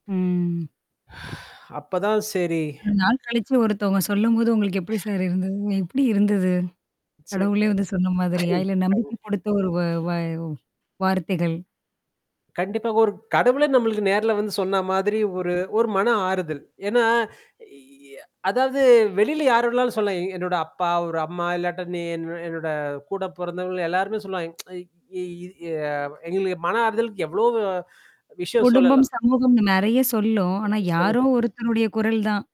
ம். அப்பதான் சரி. இவ்ளோ நாள் கழிச்சு ஒருத்தவங்க சொல்லும்போது உங்களுக்கு எப்படி சார் இருந்தது? எப்படி இருந்தது? சரி. கடவுளே வந்து சொன்ன மாதிரியா? இல்ல நம்பிக்கை [unintelligible] குடுத்த ஒரு வ வ வ் வார்த்தைகள். கண்டிப்பா. ஒரு கடவுளே நம்மளுக்கு நேர்ல வந்து சொன்ன மாதிரி ஒரு ஒரு மன ஆறுதல். ஏன்னா இ அ அதாவது வெளியில யாரோடனாலும் சொல்லலாம். என்னோட அப்பா, ஒரு அம்மா இல்லாட்டா நீ என் என்னோட கூடம் போறந்தவங்க எல்லாருமே சொல்லுவாங்க. இ இ எ எங்களுக்கு மன ஆறுதலுக்கு எவ்ளோ வோ விஷயம் குடும்பம், சொல்லலாம். சமூகம்னு நெறைய சொல்லும். ஆனா சொல்லு யாரும் ஒருத்தருடைய குரல் தான்.